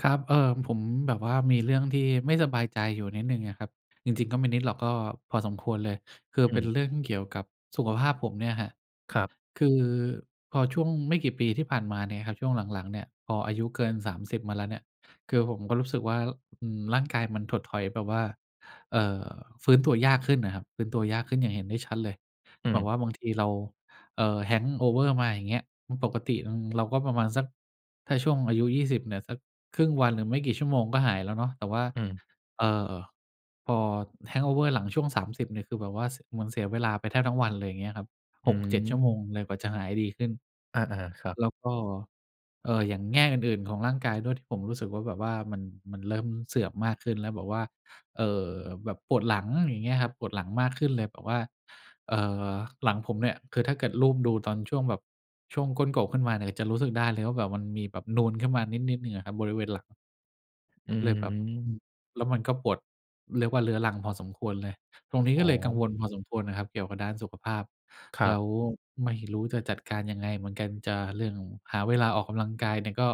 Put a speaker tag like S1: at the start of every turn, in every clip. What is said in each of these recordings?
S1: ครับ เออ ผมแบบว่ามีเรื่องที่ไม่สบายใจอยู่นิดหนึ่งอะครับ จริง ๆ ก็ไม่นิดหรอก ก็พอสมควรเลย คือ
S2: อ
S1: เป็
S2: ืม
S1: นเรื่องเกี่ยวกับสุขภาพผมเนี่ยครับ
S2: ครับ
S1: คือพอช่วงไม่กี่ปีที่ผ่านมาเนี่ยครับ ช่วงหลัง ๆ เนี่ย พออายุเกิน 30 มาแล้วเนี่ย คือผมก็รู้สึกว่า อืม ร่างกายมันถดถอยแบบว่า เอ่อ ฟื้นตัวยากขึ้นอะครับ ฟื้นตัวยากขึ้นอย่างเห็นได้ชัดเลย
S2: อื
S1: แบ
S2: ม
S1: บว่าบางทีเรา เอ่อ hangover มาอย่างเงี้ย อ ปกติ อืม เราก็ประมาณสัก ถ้าช่วงอายุ 20 เนี่ย สักครึ่งวันหรือไม่กี่ชั่วโมงก็หายแล้วเนาะ แต่ว่า
S2: อืม
S1: เอ่อ พอ hangover หลังช่วง 30 เนี่ยคือแบบว่า ส เหมือนเสียเวลาไปแทบทั้งวันเลย อย่างเงี้ยครับ
S2: อื
S1: 6-7 ชั่วโม
S2: ม
S1: งเลยกว่าจะหายดีขึ้น
S2: อา ๆ ครับ
S1: แล้วก็ เอ่อ อย่างแง่อื่น ๆ ของร่างกายด้วยที่ผมรู้สึกว่า แบบว่ามัน มันเริ่มเสื่อมมากขึ้นแล้ว แบบว่า เอ่อ แบบปวดหลัง อย่างเงี้ยครับ ปวดหลังมากขึ้นเลยแบบว่า เอ่อ หลังผมเนี่ยคือถ้าเกิดลูบดูตอนช่วงแบบ ช่วงก้นกบขึ้นมาเนี่ยจะรู้สึกได้เลยว่าแบบมันมีแบบนูนขึ้นมานิด ๆ หนึ่งอะครับ บริเวณหลัง
S2: อื
S1: เลยแบบ อื
S2: ม
S1: ม แล้วมันก็ปวด เรียกว่าเรื้อรังพอสมควรเลย ตรงนี้
S2: อ๋
S1: ก็เลยกัง
S2: อ
S1: วลพอสมควรน่ะครับเกี่ยวกับด้านสุขภาพ
S2: คร
S1: แ
S2: ั
S1: ล
S2: บ
S1: ้วไม่รู้จะจัดการยังไงเหมือนกัน จะเรื่องหาเวลาออกกำลังกายเนี่ยก็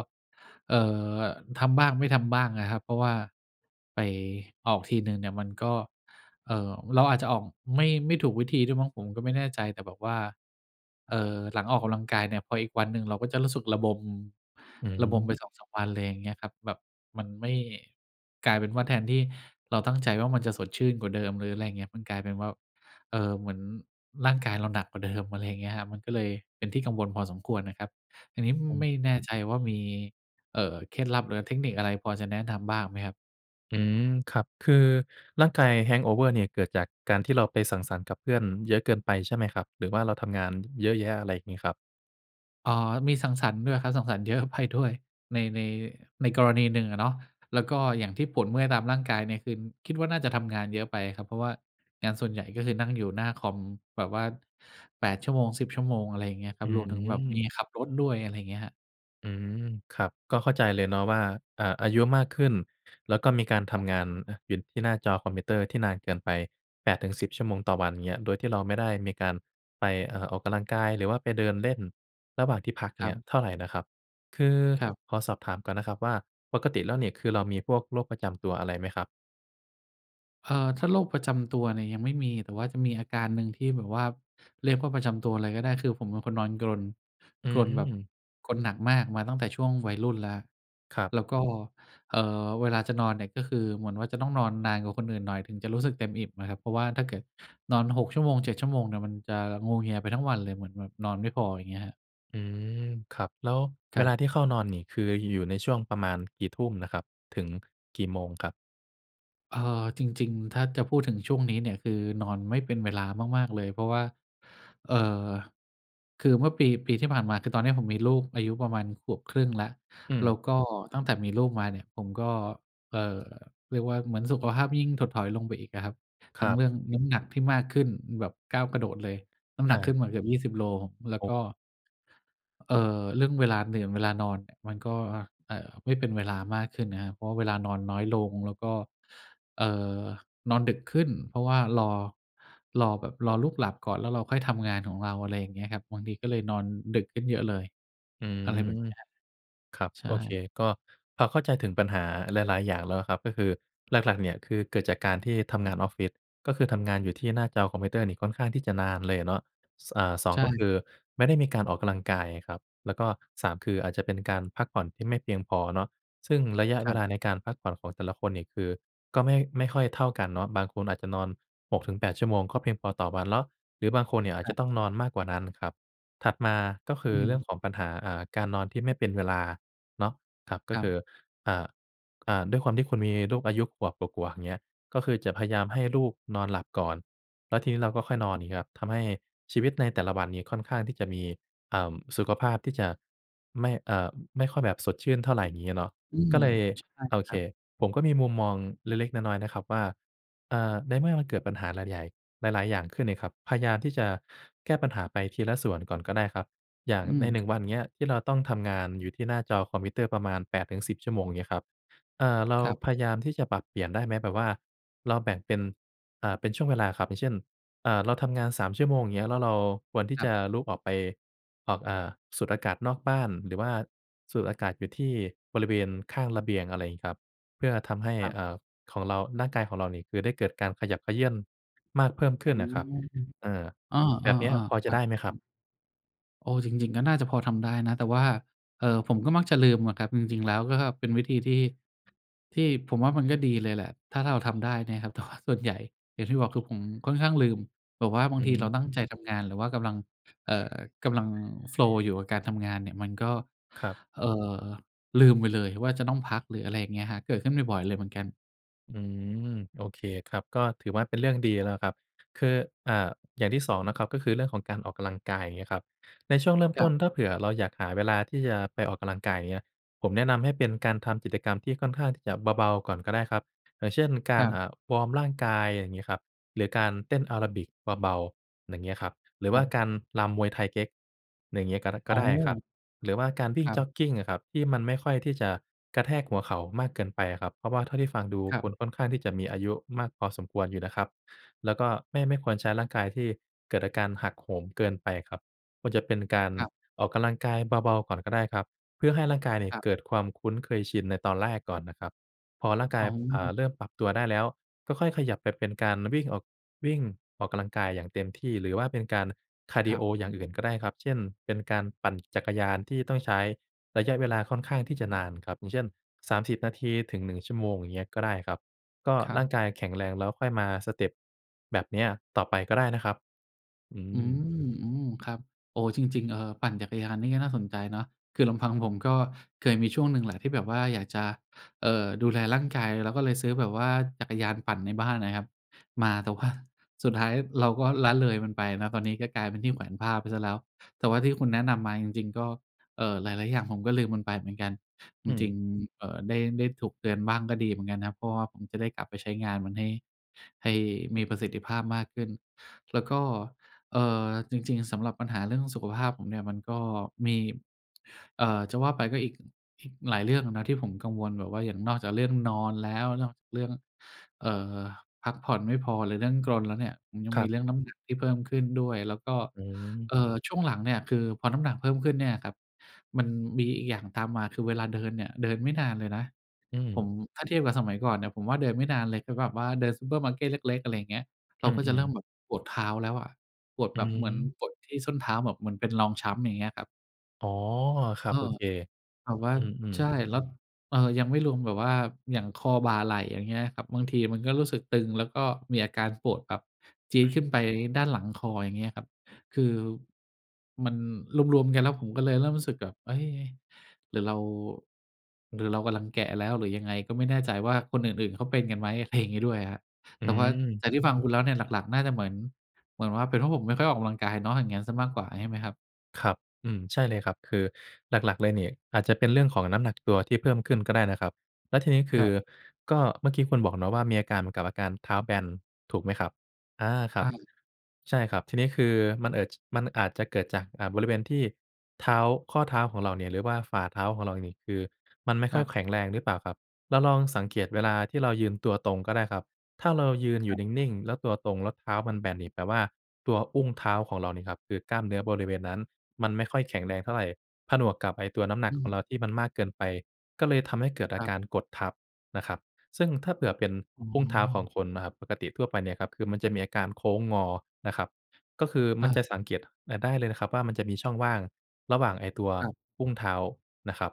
S1: เอ่อ ทำบ้าง ไม่ทำบ้างอะครับ เพราะว่าไปออกทีหนึ่งเนี่ยมันก็ เอ่อ เราอาจจะออกไม่ ไม่ถูกวิธีด้วยมั้งผมก็ไม่แน่ใจ แต่แบบว่า เอ่อ หลังออกกำลังกายเนี่ย พออีกวันหนึ่งเราก็จะรู้สึกระบม
S2: อื
S1: ระบม
S2: ม
S1: ไปสองสามวันเลย อย่างเงี้ยครับ แบบมันไม่ กลายเป็นว่าแทนที่เราตั้งใจว่ามันจะสดชื่นกว่าเดิม หรืออะไรอย่างเงี้ย มันกลายเป็นว่า เอ่อ เหมือนร่างกายเราหนักกว่าเดิม อะไรอย่างเงี้ยครับ มันก็เลยเป็นที่กังวลพอสมควรนะครับ อันนี้ ม
S2: ผม
S1: ไม่แน่ใจว่ามี เอ่อ เคล็ดลับ หรือเทคนิคอะไรพอจะแนะนำบ้างไหมครับ?
S2: อืม ครับ คือร่างกาย hang over นี่ เกิดจากการที่เราไปสังสรรค์กับเพื่อนเยอะเกินไปใช่ไหมครับ? หรือว่าเราทำงานเยอะแยะ อะไรอย่างงี้ครับ?
S1: อ๋อ มีสังสรรค์ด้วยครับ สังสรรค์ เยอะไปด้วย ใน ใน ในกรณีหนึ่งอะเนาะ แล้วก็อย่างที่ปวดเมื่อยตามร่างกายเนี่ยคือคิดว่าน่าจะทำงานเยอะไปครับ เพราะว่างานส่วนใหญ่ก็คือนั่งอยู่หน้าคอมแบบว่า 8 ชั่วโมง 10 ชั่วโมง อะไรอย่างเงี้ยคร
S2: อ
S1: ั
S2: ื
S1: บ รวมถึงแบบม
S2: ม
S1: ีขับรถด้วย อะไรอย่างเงี้ยครับ
S2: อืม ครับ ก็เข้าใจเลยเนาะว่า เอ่อ อายุมากขึ้น แล้วก็มีการทำงาน เออ อยู่ที่หน้าจอคอมพิวเตอร์ที่นานเกินไป 8 ถึง 10 ชั่วโมงต่อวัน อย่างเงี้ย โดยที่เราไม่ได้มีการไป เอ่อ ออกกำลังกาย หรือว่าไปเดินเล่นระหว่างที่พักอย
S1: ค
S2: ่าง
S1: ร
S2: เ
S1: ั
S2: งี้ย
S1: บ
S2: เท่าไรนะครับ คือ
S1: ครับ
S2: ขอสอบถามก่อนนะครับว่า ปกติแล้วนี่คือเรามีพวกโรคประจำตัวอะไรไหมครับ?
S1: เออ ถ้าโรคประจำตัวเนี่ยยังไม่มี แต่ว่าจะมีอาการหนึ่งที่แบบว่า เรียกว่าประจำตัวเลยก็ได้ คือผมเป็นคนนอนกรน
S2: อื
S1: กรนแบบ
S2: ม
S1: กรนหนักมากมาตั้งแต่ช่วงวัยรุ่นแล้ว
S2: ครับ
S1: แล้วก็ เอ่อ เวลาจะนอนเนี่ยก็คือเหมือนว่าจะต้องนอนนานกว่าคนอื่นหน่อยถึงจะรู้สึกเต็มอิ่มอะครับ เพราะว่าถ้าเกิดนอน 6 ชั่วโมง 7 ชั่วโมงเนี่ยมันจะงัวเงียไปทั้งวันเลย เหมือนแบบนอนไม่พอ ไรอย่างเงี้ยครับ
S2: อือ ครับ แล้ว
S1: ค
S2: เว
S1: รั
S2: ล
S1: บ
S2: าที่เข้านอนนี่คือ ย อยู่ในช่วงประมาณกี่ทุ่มน่ะครับ ถึงกี่โมงครับ?
S1: เออ จริง ๆ ถ้าจะพูดถึงช่วงนี้เนี่ย คือนอนไม่เป็นเวลามาก ๆ เลย เพราะว่า เอ่อ คือเมื่อปี ปีที่ผ่านมา คือตอนนี้ผมมีลูกอายุประมาณขวบครึ่งแล้ว
S2: อื
S1: แล
S2: ม
S1: ้วก็ตั้งแต่มีลูกมาเนี่ยผมก็ เอ่อ เรียกว่าเหมือนสุขภาพยิ่งถดถอยลงไปอีกอะครับ
S2: ค
S1: ทั
S2: ร
S1: ้ง
S2: ับ
S1: เรื่องน้ำหนักที่มากขึ้นแบบก้าวกระโดดเลย น้ำห
S2: อ
S1: นักขึ้
S2: า
S1: นมาเกือบ 20 โล แล้
S2: โ
S1: ว
S2: อ้
S1: ก็ เอ่อ เรื่องเวลาเหนื่อน เวลานอนเนี่ย มันก็ อ เอ่อ ไม่เป็นเวลามากขึ้นนะครับ เพราะว่าเวลานอนน้อยลง แล้วก็ เอ่อ นอนดึกขึ้น เพราะว่ารอ รอแบบ รอลูกหลับก่อน แล้วเราค่อยทำงานของเรา อะไรอย่างเงี้ยครับ บางทีก็เลยนอนดึกขึ้นเยอะเลย
S2: อื
S1: อะไรแบบ
S2: อ
S1: เนี้ย
S2: ครับ
S1: ใช่
S2: โอเค ก็พอเข้าใจถึงปัญหาหลาย ๆ อย่างแล้วอะครับ ก็คือหลัก ๆ เนี่ยคือเกิดจากการที่ท
S1: อ
S2: ำ
S1: ื
S2: ง
S1: ม
S2: านออฟฟิศ ก็คือทำงานอยู่ที่หน้าจอคอมพิวเตอร์นี่ค่อนข้างที่จะนานเลยอะเนาะ ส อ่า สอ
S1: ใ
S2: ง
S1: ช
S2: ก็ค
S1: ่
S2: ือ ไม่ได้มีการออกกำลังกายอะครับ แล้วก็ 3 คืออาจจะเป็นการพักผ่อนที่ไม่เพียงพอเนาะ ซึ่งระยะ
S1: ค
S2: เว
S1: รับ
S2: ลาในการพักผ่อนของแต่ละคนนี่คือก็ไม่ ไม่ค่อยเท่ากันเนาะ บางคนอาจจะนอน 6-8 ชั่วโมงก็เพียงพอต่อวันเลาะ หรือบางคนเนี่ยอ
S1: ค
S2: าจ
S1: ร
S2: จ
S1: ั
S2: ะ
S1: บ
S2: ต้องนอนมากกว่านั้นครับ ถัดมาก็คื
S1: อ
S2: อ เรื่อ
S1: ืม
S2: งของปัญหา อ่า การนอนที่ไม่เป็นเวลาเนาะครับ ก็
S1: คร
S2: ค
S1: ับ
S2: ือ อ่า อ่า ด้วยความที่คุณมีลูกอายุขวบกว่า ๆ อย่างเงี้ย ก็คือจะพยายาม
S1: คร
S2: ให
S1: ับ
S2: ้ลูกนอนหลับก่อน แล้วทีนี้เราก็ค่อยนอน อย่างงี้ครับ ทำให้ชีวิตในแต่ละวันนี่ค่อนข้างที่จะมี เอ่อ สุขภาพที่จะไม่ อ่า ไม่ค่อยแบบสดชื่นเท่าไร งี้เนาะ
S1: อื
S2: ก
S1: ม
S2: ็เลย
S1: ใช่
S2: โอ
S1: ค
S2: เ
S1: ร
S2: ค
S1: ับ
S2: ผมก็มีมุมมองเล็ก ๆ น้อย ๆ นะครับว่า เอ่อ ในเมื่อมันเกิดปัญหาหลายใหญ่ หลาย ๆ อย่างขึ้นนี่ครับ พยายามที่จะแก้ปัญหาไปทีละส่วนก่อนก็ได้ครับ อย่าง
S1: อื
S2: ใน
S1: ม
S2: หนึ
S1: ค
S2: ่ง วัน เงี้ย ที่เราต้องทำงานอยู่ที่หน้าจอคอมพิวเตอร์ประมาณ 8-10 ชั่วโมง อย่างเงี้ยครับ อ่า เรา
S1: ครับ
S2: พยายามที่จะปรับเปลี่ยนได้ไหม แบบว่าเราแบ่งเป็น อ่า เป็นช่วงเวลาครับ อย่างเช่น อ่า เราทำงาน 3 ชั่วโมง อย่างเงี้ย แล้วเราควรที่
S1: ครั
S2: จ
S1: บ
S2: ะลุกออกไป ออก อ่า สูดอากาศนอกบ้าน หรือว่าสูดอากาศอยู่ที่บริเวณข้างระเบียง อะไรงี้ครับ เพื่อทำให้
S1: ครับ
S2: เอ่อ ของเรา ร่างกายของเรานี่คือ ได้เกิดการขยับเขยื้อนมาก เพิ่มขึ้นอะครับ เอ่อ
S1: อ๋อ เ
S2: แ
S1: อ
S2: บบเนี้ย
S1: อ
S2: พอ
S1: ๆ ๆ ค
S2: จ
S1: ร
S2: ะ
S1: ั
S2: ได้ไหมครับ?
S1: บ ๆ เออ จริง ๆ ก็น่าจะพอทำได้นะ แต่ว่า เอ่อ ผมก็มักจะลืมอะครับ จริง ๆ แล้วก็เป็นวิธีที่ ที่ผมว่า มันก็ดีเลยแหละถ้าเราทำได้เนี่ยครับ แต่ว่า ส่วนใหญ่ อย่างที่บอก คือผมค่อนข้างลืม แบบว่าบา
S2: อ
S1: ง
S2: ื
S1: ท
S2: อ
S1: ี
S2: ฮ
S1: เราต
S2: ึ
S1: ั้งใจทำงาน หรือว่ากำลัง เอ่อ กำลัง โฟลว์ อยู่กับการทำงานเนี่ย มันก็
S2: ครับ
S1: เอ่อ ลืมไปเลยว่าจะต้องพัก หรืออะไรอย่างเงี้ยครับ เกิดขึ้นบ่อย ๆ เลยเหมือนกัน
S2: อืม โอเคครับ ก็ถือว่าเป็นเรื่องดี
S1: คร
S2: แ
S1: ับ
S2: ล้วครับ คือ อ่า อย่างที่ 2 นะครับ ก็คือเรื่องของการออกกำลังกาย อย่างเงี้ยครับ ในช่วงเริ่ม
S1: ค
S2: ต
S1: ร
S2: ้
S1: ั
S2: น
S1: บ
S2: ถ้าเผื่อเราอยากหาเวลาที่จะไปออกกำลังกาย อย่างเงี้ย ผมแนะนำให้เป็นการทำกิจกรรมที่ค่อนข้างที่จะเบา ๆ ก่อนก็ได้ครับ อย่างเช่น กา
S1: คร
S2: ร เอ
S1: ับ
S2: ่อ วอร์มร่างกาย อย่างงี้ครับ หรือการเต้นแอโรบิกเบา ๆ อย่างเงี้ยครับ หรือ
S1: ค
S2: ว่
S1: รั
S2: า
S1: บ
S2: การรำมวยไทเก๊ก อย่างงี้ ก็ดะ ก
S1: อ
S2: ็
S1: ๋
S2: ได้ครับ
S1: อ
S2: หรือว่าการวิ
S1: ค
S2: ่ง
S1: รั
S2: จ
S1: บ
S2: ็อกกิงอะครับ ที่มันไม่ค่อยที่จะกระแทกหัวเข่ามากเกินไปอะครับ เพราะว่าเท่าที่ฟังดู
S1: ครั
S2: คุ
S1: บ
S2: ณค่อนข้างที่จะมีอายุมากพอสมควรอยู่นะครับ แล้วก็ ไม่ ไม่ควรใช้ร่างกายที่เกิดอาการหักโหมเกินไปครับ ควรจะเป็นการ
S1: ครับ
S2: ออกกำลังกายเบา ๆ ก่อนก็ได้ครับ เพื่อให้ร่างกายเนี่ย
S1: ครับ
S2: เกิดความคุ้นเคยชินในตอนแรกก่อนนะครับ พอร่างกา
S1: อ
S2: ย
S1: ๋
S2: เอ่อ
S1: อ
S2: เริ่มปรับตัวได้แล้ว ก็ค่อยขยับไปเป็นการ วิ่งออก วิ่งออกกำลังกายอย่างเต็มที่ หรือว่าเป็นการคาร์ด
S1: ค
S2: ิ
S1: ร
S2: โ
S1: ั
S2: อ
S1: บ
S2: อย่างอื่นก็ได้ครับ เช่น เป็นการปั่นจักรยานที่ต้องใช้ระยะเวลาค่อนข้างที่จะนานครับ อย่างเช่น 30 นาทีถึง 1 ชั่วโมง อย่างเงี้ย ก็ได้ครับ ก็
S1: ครั
S2: ร่าง
S1: บ
S2: กายแข็งแรง แล้วค่อยมาสเต็ปแบบเนี้ยต่อไปก็ได้นะครับ อื
S1: อื
S2: ม
S1: ม อืม ครับ โอ้ จริง ๆ เอ่อ ปั่นจักรยานนี่ก็น่าสนใจเนาะ คือลำพังผมก็เคยมีช่วงหนึ่งแหละที่แบบว่าอยากจะ เอ่อ ดูแลร่างกาย แล้วก็เลยซื้อแบบว่าจักรยานปั่นในบ้านนะครับ มา แต่ว่าสุดท้ายเราก็ละเลยมันไป ตอนนี้ก็กลายเป็นที่แขวนผ้าไปซะแล้ว แต่ว่าที่คุณแนะนำมาจริง ๆ ก็ เอ่อ หลาย ๆ อย่างผมก็ลืมมันไปเหมือนกัน จ
S2: อืม
S1: ริง ๆ เอ่อ ได้ ได้ถูกเตือนบ้างก็ดีเหมือนกันครับ เพราะว่าผมจะได้กลับไปใช้งานมัน ให้ ให้มีประสิทธิภาพมากขึ้น แล้วก็ เอ่อ จริง ๆ สำหรับปัญหาเรื่องสุขภาพผมเนี่ย มันก็มี เอ่อ จะว่าไปก็ อีก อีกหลายเรื่องนะที่ผมกังวลแบบว่าอย่างนอกจากเรื่องนอนแล้ว นอกจากเรื่อง เอ่อ พักผ่อนไม่พอ หรือเรื่องกรนแล้วเนี่ย ยัง
S2: คร
S1: มี
S2: ับ
S1: เรื่องน้ำหนักที่เพิ่มขึ้นด้วย แล้วก็
S2: อืม
S1: เอ่อ ช่วงหลังเนี่ยคือพอน้ำหนักเพิ่มขึ้นเนี่ยครับ มันมีอีกอย่างตามมา คือเวลาเดินเนี่ย เดินไม่นานเลยนะ
S2: อื
S1: ผ
S2: ม
S1: ม ถ้าเทียบกับสมัยก่อนเนี่ย ผมว่าเดินไม่นานเลย คือแบบว่าเดินซูเปอร์มาร์เก็ตเล็ก ๆ อะไรอย่างเงี้ย เ
S2: อ
S1: ร
S2: ื
S1: าก็จะเ
S2: ม
S1: ริ่ม
S2: ๆ
S1: แบบปวดเท้าแล้วอะ ปวด
S2: อื
S1: แบบเหมือน
S2: ม
S1: ปวดที่ส้นเท้าแบบเหมือนเป็นรองช้ำ อย่างเงี้ยครับ
S2: อ๋อ ครั
S1: อ
S2: บ
S1: ้
S2: โ
S1: อ
S2: อเค
S1: แบบว่า
S2: อืม
S1: ใช่
S2: ๆ
S1: แล้ว เอ่อ ยังไม่รวมแบบว่าอย่าง คอ บ่า ไหล่ อย่างเงี้ยครับ บางทีมันก็รู้สึกตึง แล้วก็มีอาการปวดแบบจี๊ดขึ้นไปด้านหลังคอ อย่างเงี้ยครับ คือ มันรวม ๆ กันแล้ว ผมก็เลยเริ่มรู้สึกแบบ เอ๊ย! หรือเรา หรือเรากำลังแก่แล้วหรือยังไง ก็ไม่แน่ใจว่าคนอื่น ๆ เขาเป็นกันไหม อะไรอย่างงี้ด้วยครับ
S2: อื
S1: แต่ว่า
S2: ม
S1: จากที่ฟังคุณแล้วเนี่ย หลัก ๆ น่าจะ เหมือน เหมือนว่าเป็นว่า ผมไม่ค่อยออกกำลังกายเนาะ อย่างนั้นเสียมากกว่าใช่ไหมครับ?
S2: ครับ อืม ใช่เลยครับ คือหลัก ๆ เลยเนี่ย อาจจะเป็นเรื่องของน้ำหนักตัวที่เพิ่มขึ้นก็ได้นะครับ แล้วทีนี้ค
S1: ค
S2: ื
S1: ร
S2: อ
S1: ับ
S2: ก็เมื่อกี้คุณบอกเนาะว่า มีอาการเหมือนกับอาการเท้าแบน ถูกไหมครับ อา ครั
S1: อ
S2: บ
S1: า
S2: ใช่ครับ ทีนี้คือมัน เกิด มันอาจจะเกิดจาก อ่า บริเวณที่เท้า ข้อเท้าของเราเนี่ย หรือว่าฝ่าเท้าของเราเนี่ย คือมันไม่
S1: ค
S2: ค่
S1: ร
S2: อ
S1: ั
S2: ย
S1: บ
S2: แข็งแรงหรือเปล่าครับ? เราลองสังเกตเวลาที่เรายืนตัวตรงก็ได้ครับ ถ้าเรายืนอย
S1: ค
S2: ู่
S1: รับ
S2: นิ่ง ๆ แล้วตัวตรง แล้วเท้ามันแบนนี่แปลว่า ตัวอุ้งเท้าของเรานี่ครับ คือกล้ามเนื้อบริเวณนั้น มันไม่ค่อยแข็งแรงเท่าไร ผนวกกับไอ้ตัวน้ำหนั
S1: อ
S2: ก
S1: ื
S2: ของ
S1: ม
S2: เราที่มันมากเกินไป ก็เลยทำให้เกิดอ
S1: ค
S2: า
S1: รั
S2: ก
S1: บ
S2: ารกดทับนะครับ ซึ่งถ้าเผื่อเป็น
S1: อ๋อ
S2: อุ้งเท้าของคนนะครับ ปกติทั่วไปเนี่ยครับ คือมันจะมีอาการโค้งงอนะครับ ก็คือม
S1: อ
S2: ันจ
S1: า
S2: ะสังเกตอะได้เลยนะครับ ว่ามันจะมีช่องว่างระหว่างไอ้ตัว
S1: ครับ
S2: อุ้งเท้านะครับ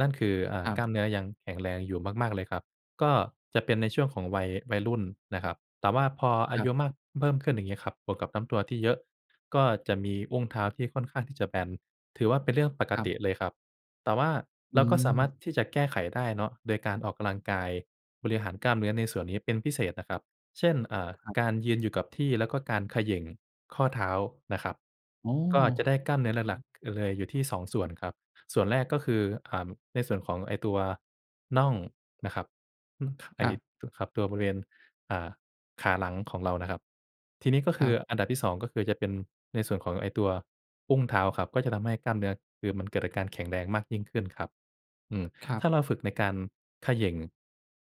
S2: นั่นคือ เอ่อ
S1: ค
S2: กล้
S1: รับ
S2: ามเนื้อยังแข็งแรงอยู่มาก ๆ เลยครับ ก็เป็นในช่วงของ วัย วัยรุ่นนะครับ แต่ว่าพออา
S1: ครั
S2: ยุ
S1: บ
S2: มาก เพิ่มขึ้นอย่างงี้ครับ บวกกับน้ำตัวที่เยอะ ก็จะมีอุ้งเท้าที่ค่อนข้างที่จะแบน ถือว่าเป็นเรื่องปก
S1: ครั
S2: ติ
S1: บ
S2: เลยครับ แต่ว่า
S1: อ
S2: เ
S1: ื
S2: ราก็สามา
S1: ม
S2: รถที่จะแก้ไขได้เนาะ โดยการออกกำลังกายบริหารกล้ามเนื้อในส่วนนี้เป็นพิเศษนะครับ เช่น เอ่อ
S1: ครับ
S2: การยืนอยู่กับที่ แล้วก็การเขย่งข้อเท้านะครับ
S1: โอ้!
S2: ก็จะได้กล้ามเนื้อ
S1: อื
S2: หลัก
S1: ม
S2: ๆ เลยอยู่ที่ 2 ส่วนครับ ส่วนแรกก็คือ อ่า ในส่วนของไอ้ตัวน่องนะครับ ฮึ ไอ
S1: ค
S2: ้
S1: รับ
S2: ตัว ครับ ตัวบริเวณ อ่า ขาหลังของเรานะครับ ทีนี้ก็ค
S1: ค
S2: ื
S1: รั
S2: อ
S1: บ
S2: อันดับที่ 2 ก็คือจะเป็นในส่วนของไอ้ตัวอุ้งเท้าครับ ก็จะทำให้กล้ามเนื้อ คือมันเกิดกับการแข็งแรงมากยิ่งขึ้นครับ อือ
S1: ครั
S2: ถ
S1: บ
S2: ้าเราฝึกในการเขย่ง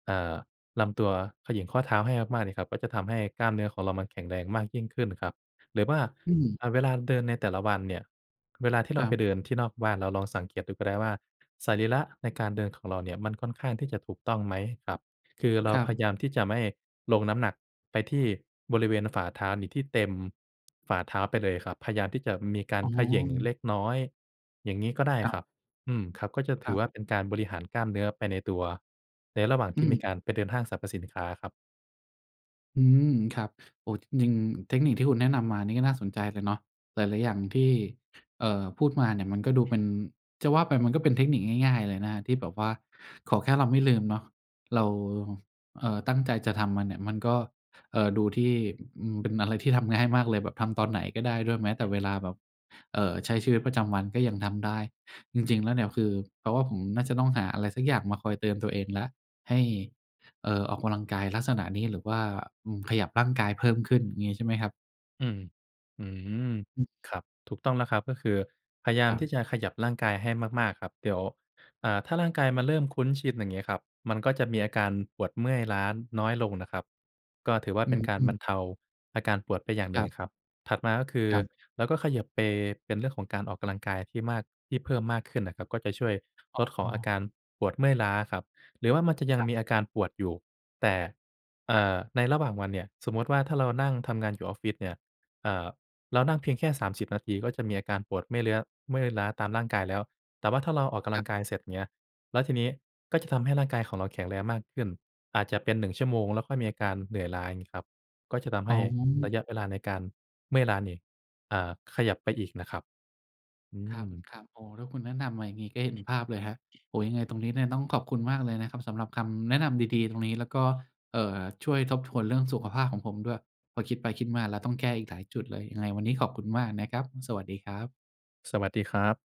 S2: อ่า ลำตัว เขย่งข้อเท้าให้มาก ๆ เนี่ยครับ ก็จะทำให้กล้ามเนื้อของเรา มันแข็งแรงมากยิ่งขึ้นครับ หรือว่า
S1: อืม
S2: อา เวลาเดินในแต่ละวันเนี่ย เวลาที่เ
S1: ค
S2: รา
S1: รั
S2: ไป
S1: บ
S2: เดินที่นอกบ้าน เราลองสังเกตดูก็ได้ว่าสรีระในการเดินของเราเนี่ย มันค่อนข้างที่จะถูกต้องไหมครับ คือเร
S1: ค
S2: า
S1: รั
S2: พย
S1: บ
S2: ายามที่จะไม่ลงน้ำหนักไปที่บริเวณฝ่าเท้านี่ที่เต็มฝ่าเท้าไปเลยครับ พยายามที่จะมีการ
S1: อ๋อ
S2: เขย่งเล็กน้อย อย่างงี้ก็ได้
S1: ครั
S2: ค
S1: บ
S2: รับ อืม ครับ ก็จะถ
S1: ค
S2: ื
S1: ร
S2: อ
S1: ับ
S2: ว่าเป็นการบริหารกล้ามเนื้อไปในตัว ในระหว่าง
S1: อ
S2: ที่
S1: ื
S2: มี
S1: ม
S2: การไปเดินห้างสรรพสินค้าครับ
S1: อืม ครับ โอ้ จริง ๆ เทคนิคที่คุณแนะนำมานี่ก็น่าสนใจเลยเนาะ หลาย ๆ อย่างที่ เอ่อ พูดมาเนี่ย มันก็ดูเป็น จะว่าไปมันก็เป็นเทคนิคง่าย ๆ เลยนะ ที่แบบว่าขอแค่เราไม่ลืมเนาะ เรา เอ่อ ตั้งใจจะทำมันเนี่ย มันก็ เอ่อ ดูที่ อืม เป็นอะไรที่ทำง่ายมากเลยแบบทำตอนไหนก็ได้ด้วย แม้แต่เวลาแบบ เอ่อ ใช้ชีวิตประจำวันก็ยังทำได้ จริง ๆ แล้วเนี่ย คือ แปลว่าผมน่าจะต้องหาอะไรสักอย่างมาคอยเตือนตัวเองแล้ว ให้ เอ่อ ออกกำลังกายลักษณะนี้ หรือว่า อืม ขยับร่างกายเพิ่มขึ้นอย่างงี้ใช่ไหมครับ?
S2: อืม อืม
S1: อืม
S2: ครับ ถูกต้องแล้วครับ ก็คือพยายา
S1: ค
S2: ม
S1: รั
S2: ที
S1: บ
S2: ่จะขยับร่างกายให้มาก ๆ ครับ เดี๋ยว อ่า ถ้าร่างกายมาเริ่มคุ้นชินอย่างงี้ครับ มันก็จะมีอาการปวดเมื่อยล้าน้อยลงนะครับ ก็ถือว่า
S1: อ
S2: เ
S1: ื
S2: ป็นการบ
S1: อ
S2: รรเทาอาการปวดไปอย่างหน
S1: ค
S2: ึ่
S1: ร
S2: ง
S1: ับ
S2: ครับ ถัดมาก็คือ
S1: ครับ
S2: เราก็เขยิบไปเป็นเรื่องของการออกกำลังกายที่มาก ที่เพิ่มมากขึ้นนะครับ ก็จะช่วย
S1: อ
S2: ลดขอ
S1: ๋
S2: งอาก
S1: อ
S2: ารปวดเมื่อยล้าครับ หรือว่ามันจะยั
S1: ค
S2: ง
S1: รับ
S2: มีอาการปวดอยู่ แต่ เอ่อ ในระหว่างวันเนี่ย สมมุติว่าถ้าเรานั่งทำงานอยู่ออฟฟิศเนี่ย อ่า เรานั่งเพียงแค่ 30 นาที ก็จะมีอาการปวดเมื่อยเลื้อ เมื่อยล้าตามร่างกายแล้ว แต่ว่าถ้าเราออกกำล
S1: ค
S2: ั
S1: รับ
S2: งกายเสร็จเนี่ย แล้วทีนี้ก็จะทำให้ร่างกายของเราแข็งแรงมากขึ้น อาจจะเป็น 1 ชั่วโมงแล้วค่อยมีอาการเหนื่อยล้าอย่างงี้ครับ ก็จะทำใ
S1: อ
S2: ห
S1: ๋
S2: ้
S1: อ
S2: ระยะเวลาในการเมื่อยล้านี่ เอ่อ ขยับไปอีกนะครับ อื
S1: ครับ
S2: ม
S1: ครับ อ๋อ ถ้าคุณแนะนำมาอย่างงี้ก็เห็นภาพเลยครับ โอ้ ยังไงตรงนี้เนี่ยต้องขอบคุณมากเลยนะครับสำหรับคำแนะนำดี ๆ ตรงนี้ แล้วก็ เอ่อ ช่วยทบทวนเรื่องสุขภาพของผมด้วย พอคิดไปคิดมาแล้วต้องแก้อีกหลายจุดเลย ยังไงวันนี้ขอบคุณมากนะครับ สวัสดีครับ
S2: สวัสดีครับ